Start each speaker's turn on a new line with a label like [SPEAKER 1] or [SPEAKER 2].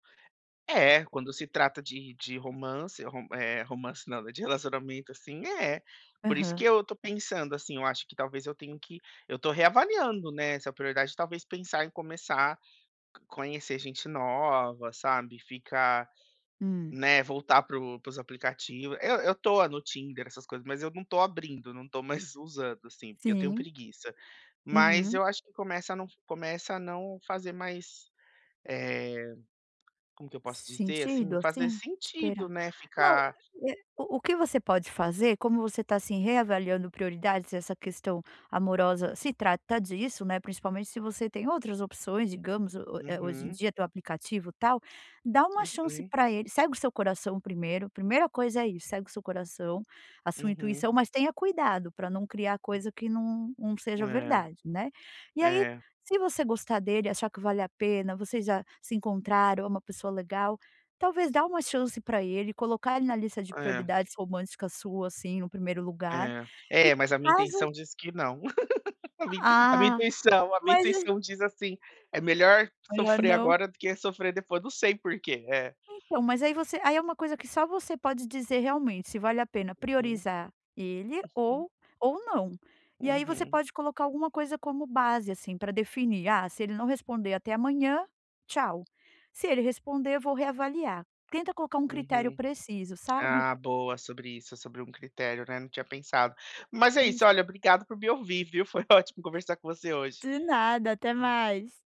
[SPEAKER 1] É, quando se trata de de romance, ro eh, romance não, de relacionamento, assim, é. Por isso que
[SPEAKER 2] Aham.
[SPEAKER 1] eu tô pensando, assim, eu acho que talvez eu tenho que eu tô reavaliando, né, essa prioridade. Talvez pensar em começar conhecer gente nova, sabe, ficar,
[SPEAKER 2] Hum.
[SPEAKER 1] né, voltar para o para os aplicativo. Eu eu tô no Tinder, essas coisas, mas eu não tô abrindo, não tô mais usando, assim, porque eu tenho
[SPEAKER 2] sim
[SPEAKER 1] preguiça. Mas
[SPEAKER 2] Uhum.
[SPEAKER 1] eu acho que começa a não começa a não fazer mais, eh, como que eu posso dizer, assim,
[SPEAKER 2] Sentido,
[SPEAKER 1] fazer
[SPEAKER 2] assim?
[SPEAKER 1] sentido,
[SPEAKER 2] Esperar.
[SPEAKER 1] né,
[SPEAKER 2] Não,
[SPEAKER 1] ficar
[SPEAKER 2] eh, o que você pode fazer, como você tá, assim, reavaliando prioridades, essa questão amorosa se trata disso, né, principalmente se você tem outras opções, digamos o eh hoje em
[SPEAKER 1] Uhum.
[SPEAKER 2] dia tem o aplicativo, tal. Dá uma chance
[SPEAKER 1] Uhum.
[SPEAKER 2] pra ele segue o seu coração primeiro. Primeira coisa é isso, segue o seu coração, a sua
[SPEAKER 1] Uhum.
[SPEAKER 2] intuição, mas tenha cuidado pra não criar coisa que não não seja
[SPEAKER 1] É.
[SPEAKER 2] verdade, né. E aí
[SPEAKER 1] É.
[SPEAKER 2] se você gostar dele, achar que vale a pena, vocês já se encontraram, é uma pessoa legal, talvez dá uma chance pra ele, colocar ele na lista de
[SPEAKER 1] É.
[SPEAKER 2] prioridades romântica sua, assim, no primeiro lugar
[SPEAKER 1] É.
[SPEAKER 2] e
[SPEAKER 1] É, mas a minha
[SPEAKER 2] caso
[SPEAKER 1] intuição diz que não. A minha a minha
[SPEAKER 2] Ah,
[SPEAKER 1] intuição a minha
[SPEAKER 2] mas é
[SPEAKER 1] intuição diz, assim "É melhor
[SPEAKER 2] Melhor
[SPEAKER 1] sofrer
[SPEAKER 2] não?
[SPEAKER 1] agora do que sofrer depois", não sei porquê é.
[SPEAKER 2] Então mas aí você aí é primeira coisa que só você pode dizer realmente se vale a pena
[SPEAKER 1] Uhum.
[SPEAKER 2] priorizar ele
[SPEAKER 1] Uhum.
[SPEAKER 2] ou ou não. E aí você
[SPEAKER 1] Uhum.
[SPEAKER 2] pode colocar alguma coisa como base, assim, pra definir "Ah, se ele não responder até amanhã, tchau. Se ele responder eu vou reavaliar". Tenta colocar primeiro critério
[SPEAKER 1] Uhum.
[SPEAKER 2] preciso, sabe.
[SPEAKER 1] Ah, boa sobre isso, sobre um critério, né, não tinha pensado. Mas é isso,
[SPEAKER 2] Iss
[SPEAKER 1] olha, obrigado por me ouvir, viu. Foi ótimo conversar com você hoje.
[SPEAKER 2] De nada, até mais.